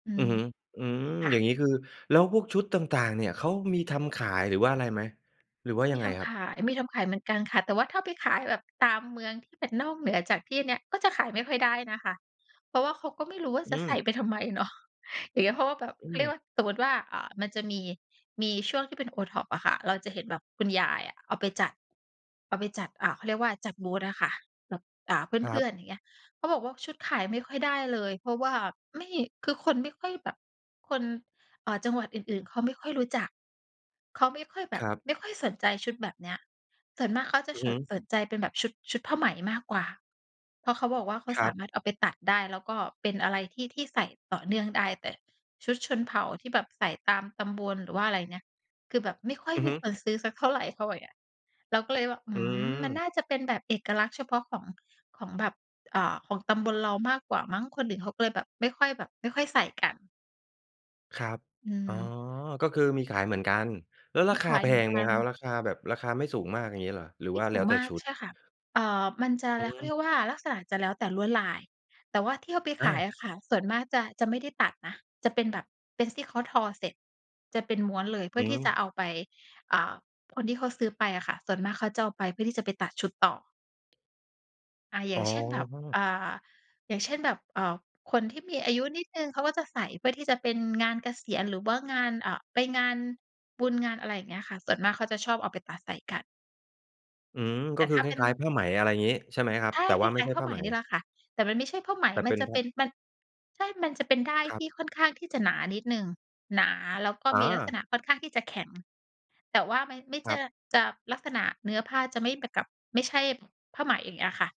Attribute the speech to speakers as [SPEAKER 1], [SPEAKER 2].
[SPEAKER 1] อื
[SPEAKER 2] อื
[SPEAKER 1] ม
[SPEAKER 2] อฮึ อืม
[SPEAKER 1] ค่
[SPEAKER 2] อย่าง
[SPEAKER 1] ะ
[SPEAKER 2] งี้ คือแล้วพวกชุดต่าง ๆ เนี่ย เขามีทำขายหรือว่าอะไรไหม หรือว่าย
[SPEAKER 1] ม
[SPEAKER 2] ั
[SPEAKER 1] ี
[SPEAKER 2] งไง
[SPEAKER 1] ท
[SPEAKER 2] คร
[SPEAKER 1] ำ
[SPEAKER 2] ั
[SPEAKER 1] ข
[SPEAKER 2] บ?
[SPEAKER 1] าย มีทำขายเหมือนกันค่ะ แต่ว่าถ้าไปขายแบบตามเมืองที่เป็นนอกเหนือจากที่เนี้ย ก็จะขายไม่ค่อยได้นะคะ เพราะว่าเขาก็ไม่รู้ว่า
[SPEAKER 2] อื
[SPEAKER 1] จะใส่
[SPEAKER 2] ม
[SPEAKER 1] ไปทำไมเนาะ อย่างเงี้ย เพราะว่าแบบ
[SPEAKER 2] อื
[SPEAKER 1] เขาเรียก
[SPEAKER 2] ม
[SPEAKER 1] ว่า สมมติว่า อ่า มันจะมี มีช่วงที่เป็น OTPO อะค่ะ เราจะเห็นแบบคุณยายอะ เอาไปจัด เอาไปจัด อ่า เขาเรียกว่าจัดบูธอะค่ะ แบบ อ่า เ
[SPEAKER 2] คร
[SPEAKER 1] พ
[SPEAKER 2] ั
[SPEAKER 1] ื่
[SPEAKER 2] บ
[SPEAKER 1] อน ๆ อย่างเงี้ย เขาบอกว่า ชุดขายไม่ค่อยได้เลย เพราะว่าไม่ คือคนไม่ค่อยแบบ คน อ่า จังหวัดอื่น ๆ เขาไม่ค่อยรู้จัก เขาไม่ค่อยแบ
[SPEAKER 2] ค
[SPEAKER 1] บ
[SPEAKER 2] รับ
[SPEAKER 1] ไม่ค่อยสนใจชุดแบบเนี้ย ส่วนมากเขาจะ
[SPEAKER 2] อือ
[SPEAKER 1] ฉ
[SPEAKER 2] ฮ
[SPEAKER 1] น
[SPEAKER 2] ึ
[SPEAKER 1] สนใจเป็นแบบชุด ชุดผ้าไหมมากกว่า เพราะเขาบอกว่า เขา
[SPEAKER 2] คร
[SPEAKER 1] ส
[SPEAKER 2] ั
[SPEAKER 1] า
[SPEAKER 2] บ
[SPEAKER 1] มารถเอาไปตัดได้ แล้วก็เป็นอะไรที่ ที่ใส่ต่อเนื่องได้ แต่ชุดชนเผ่าที่แบบใส่ตามตำบล หรือว่าอะไรเงี้ย คือแบบไม่ค่อย
[SPEAKER 2] อือ
[SPEAKER 1] ม
[SPEAKER 2] ฮ
[SPEAKER 1] ี
[SPEAKER 2] ึ
[SPEAKER 1] คนซื้อสักเท่าไร เขาบอกเงี้ย เราก็เลยบอก อื
[SPEAKER 2] อื
[SPEAKER 1] ม มันน
[SPEAKER 2] อ
[SPEAKER 1] ่าจะเป็นแบบเอกลักษณ์เฉพาะของ ของแบบ อ่า ของตำบลเรามากกว่ามั้ง คนอื่นเขาก็เลยแบบ ไม่ค่อยแบบ ไม่ค่อยใส่กัน
[SPEAKER 2] ครับ
[SPEAKER 1] อื
[SPEAKER 2] อ๋อ
[SPEAKER 1] อ
[SPEAKER 2] ก็คือมีขายเหมือนกัน แล้ว
[SPEAKER 1] ม
[SPEAKER 2] รา
[SPEAKER 1] ี
[SPEAKER 2] ค
[SPEAKER 1] ข
[SPEAKER 2] า
[SPEAKER 1] า
[SPEAKER 2] แ
[SPEAKER 1] ย
[SPEAKER 2] พ
[SPEAKER 1] เหมือน
[SPEAKER 2] ง
[SPEAKER 1] ก
[SPEAKER 2] ไหม
[SPEAKER 1] ั
[SPEAKER 2] ค
[SPEAKER 1] น
[SPEAKER 2] รับ ราคาแบบ ราคาไม่สูงมาก อย่างงี้เหรอ หรือ
[SPEAKER 1] ไม
[SPEAKER 2] ว
[SPEAKER 1] ่
[SPEAKER 2] ่า
[SPEAKER 1] ส
[SPEAKER 2] แ
[SPEAKER 1] ู
[SPEAKER 2] ล้
[SPEAKER 1] ง
[SPEAKER 2] วแต
[SPEAKER 1] ม
[SPEAKER 2] ่
[SPEAKER 1] าก
[SPEAKER 2] ชุด?
[SPEAKER 1] ใช่ค่ะ เอ่อ มันจะ
[SPEAKER 2] อื
[SPEAKER 1] เขาเรี
[SPEAKER 2] ม
[SPEAKER 1] ยกว่า ลักษณะจะแล้วแต่ลวดลาย แต่ว่าที่เอาไป
[SPEAKER 2] อ
[SPEAKER 1] ข
[SPEAKER 2] า
[SPEAKER 1] ายอะค่ะ ส่วนมากจะ จะไม่ได้ตัดนะ จะเป็นแบบเป็นที่เขาทอเสร็จ จะเป็นม้วนเลยเพื
[SPEAKER 2] อ
[SPEAKER 1] ่
[SPEAKER 2] ื
[SPEAKER 1] อที่จะเ
[SPEAKER 2] อ
[SPEAKER 1] อาไป อ่า คนที่เขาซื้อไปอะค่ะ ส่วนมากเขาจะเอาไปเพื่อที่จะไปตัดชุดต่อ อ่า อย
[SPEAKER 2] อ
[SPEAKER 1] ่
[SPEAKER 2] ๋
[SPEAKER 1] างเช่นnแบบ
[SPEAKER 2] อ
[SPEAKER 1] อ่า อย่างเช่น แบบ เอ่อ คนที่มีอายุนิดหนึ่ง เขาก็จะใส่เพื่อที่จะเป็นงานเกษียณ หรือว่างาน อ่า ไปงานบุญงาน อะไรอย่างเงี้ยค่ะ ส่วนมากเขาจะชอบเอาไปตัดใส่กัน
[SPEAKER 2] อืม ก
[SPEAKER 1] แต
[SPEAKER 2] ็
[SPEAKER 1] ่
[SPEAKER 2] ค
[SPEAKER 1] ถ
[SPEAKER 2] ือ
[SPEAKER 1] ้า
[SPEAKER 2] ค
[SPEAKER 1] เป็น
[SPEAKER 2] ล้าย ๆ ผ้าไหม อะไรอย่างงี้ ใช่ไหมครับ?
[SPEAKER 1] ใช่
[SPEAKER 2] แต่
[SPEAKER 1] ค
[SPEAKER 2] ว
[SPEAKER 1] ล
[SPEAKER 2] ่าไม่
[SPEAKER 1] ้าย
[SPEAKER 2] ใช่
[SPEAKER 1] ๆ ผ้า
[SPEAKER 2] ผ้
[SPEAKER 1] ไห
[SPEAKER 2] า
[SPEAKER 1] ม
[SPEAKER 2] ไหม
[SPEAKER 1] นี่ล่ะค่ะ แต่มันไม่ใช่ผ้าไหม
[SPEAKER 2] แต่เ
[SPEAKER 1] ม
[SPEAKER 2] ป
[SPEAKER 1] ัน
[SPEAKER 2] ็น
[SPEAKER 1] จะ
[SPEAKER 2] ผ
[SPEAKER 1] เป
[SPEAKER 2] ้
[SPEAKER 1] ็
[SPEAKER 2] า
[SPEAKER 1] น มัน ใช่ มันจะเป็นด้าย
[SPEAKER 2] คร
[SPEAKER 1] ท
[SPEAKER 2] ับ
[SPEAKER 1] ี่ค่อนข้างที่จะหนานิดหนึ่งหนา แล้วก็
[SPEAKER 2] อ๋
[SPEAKER 1] มีลักษ
[SPEAKER 2] อ
[SPEAKER 1] ณะค่อนข้างที่จะแข็ง แต่ว่ามัน ไม่ใช
[SPEAKER 2] คร
[SPEAKER 1] ่
[SPEAKER 2] ับ
[SPEAKER 1] จะลักษณะเนื้อผ้าจะไม่เหมือนกับ ไม่ใช่ผ้าไหม อย่างเงี้ยค่ะ